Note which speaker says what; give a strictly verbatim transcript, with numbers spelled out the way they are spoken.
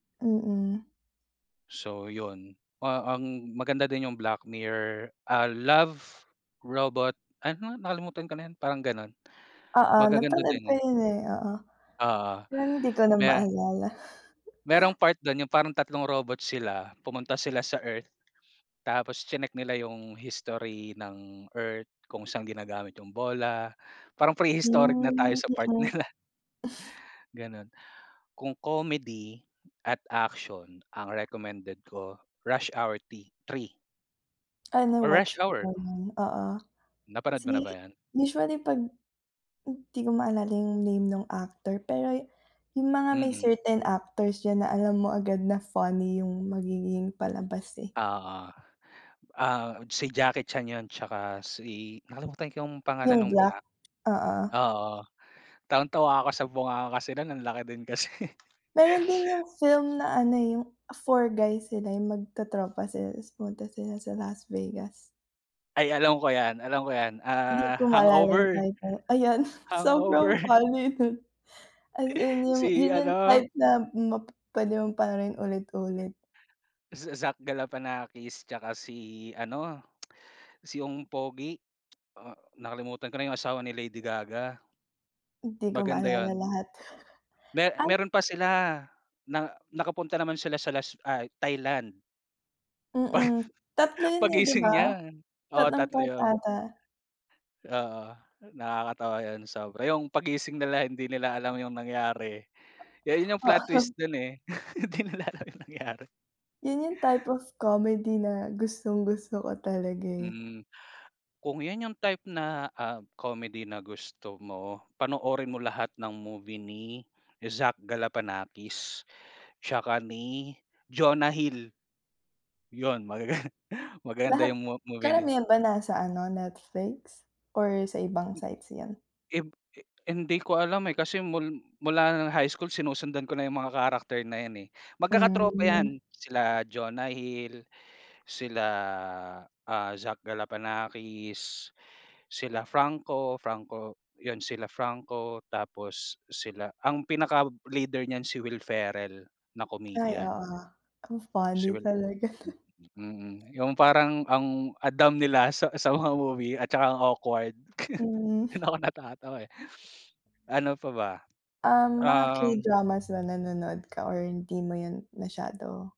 Speaker 1: Mm.
Speaker 2: So yun ah a ang maganda din yung Black Mirror, ah Love Robot ano nakalimutan ka na yun parang ganun
Speaker 1: Oo,
Speaker 2: magaganda
Speaker 1: napanood ko
Speaker 2: din yun.
Speaker 1: yun eh, oo.
Speaker 2: Oo,
Speaker 1: Pero hindi ko na
Speaker 2: me
Speaker 1: maalala.
Speaker 2: merong part dun yung parang tatlong robot sila pumunta sila sa Earth tapos chineck nila yung history ng Earth kung saan ginagamit yung bola, parang pre-historic na tayo
Speaker 1: Hmm,
Speaker 2: sa part
Speaker 1: mm.
Speaker 2: nila. Ganon kung comedy at action ang recommended ko Rush Hour ti three
Speaker 1: Ah
Speaker 2: Or Rush
Speaker 1: na-watch
Speaker 2: Hour.
Speaker 1: ko na oo.
Speaker 2: Napanood mo na ba
Speaker 1: Si
Speaker 2: yon?
Speaker 1: usually pag di ko maalala yung name nung actor pero yung mga may
Speaker 2: Mhm.
Speaker 1: certain actors diyan na alam mo agad na funny yung magiging palabas eh.
Speaker 2: Oo. Ah si Jackie Chan yun tsaka si nakalimutan ko yung pangalan
Speaker 1: Yung
Speaker 2: nung
Speaker 1: black,
Speaker 2: black.
Speaker 1: oo.
Speaker 2: Oo, tawang-tawa ako sa bunganga kasi nun ang laki din kasi.
Speaker 1: Meron din yung film na ano yung Four Guy sila yung magtotropa sila tas pumunta sila sa Las Vegas.
Speaker 2: Ay alam ko yan, alam ko yan
Speaker 1: Hindi
Speaker 2: ah
Speaker 1: ko maalala yung
Speaker 2: Hangover?
Speaker 1: title, ayon sobrang
Speaker 2: Hangover.
Speaker 1: funny nun. As in yung
Speaker 2: Si
Speaker 1: yun yung
Speaker 2: ano.
Speaker 1: type na p pwede mo pa rin ulit-ulit.
Speaker 2: Z Zach Galifianakis tsaka si ano si yung pogi. Oh nakalimutan ko na yung asawa ni Lady Gaga.
Speaker 1: Di ko
Speaker 2: Maganda
Speaker 1: maalala
Speaker 2: yun.
Speaker 1: lahat.
Speaker 2: Me
Speaker 1: Ay.
Speaker 2: meron pa sila na nakapunta naman sila sa las ay Thailand.
Speaker 1: Mm,
Speaker 2: Pag
Speaker 1: tatlo yun eh 'di
Speaker 2: gising
Speaker 1: ba,
Speaker 2: niya oo
Speaker 1: tatlong
Speaker 2: tatlo
Speaker 1: part
Speaker 2: yun.
Speaker 1: ata.
Speaker 2: Oo, nakakatawa yun sobra yung paggising nila hindi nila alam yung nangyari yun yung plot
Speaker 1: Oo.
Speaker 2: twist dun eh hindi nila alam yung nangyari.
Speaker 1: Yun yung type of comedy na gustong-gusto ko talaga eh.
Speaker 2: Hmm, kung yun yung type na ah comedy na gusto mo panoorin mo lahat ng movie ni Zach Galifianakis. Tsaka ni Jonah Hill. Yun magaga maganda
Speaker 1: Lahat
Speaker 2: yung m movie na
Speaker 1: karamihan ba nasa ano Netflix or sa ibang
Speaker 2: Hm.
Speaker 1: sites yan?
Speaker 2: Hin hin hindi ko alam eh kasi mul mula ng high school sinusundan ko na yung mga character na yan eh. Magkaka-tropa
Speaker 1: Hmm.
Speaker 2: yan, sila Jonah Hill, sila ah Zach Galifianakis, sila Franco Franco yun, sila Franco tapos sila ang pinaka-leader niyan si Will Ferrell na
Speaker 1: Ay
Speaker 2: comedian.
Speaker 1: oo, ang funny talaga.
Speaker 2: Mm, yung parang ang Adam nila sa sa mga movie at tsaka ang awkward.
Speaker 1: Hmm.
Speaker 2: Dun ako natatawa eh. Ano pa ba,
Speaker 1: Um, mga
Speaker 2: um.
Speaker 1: K-dramas na nanonood ka or hindi mo yun masyado?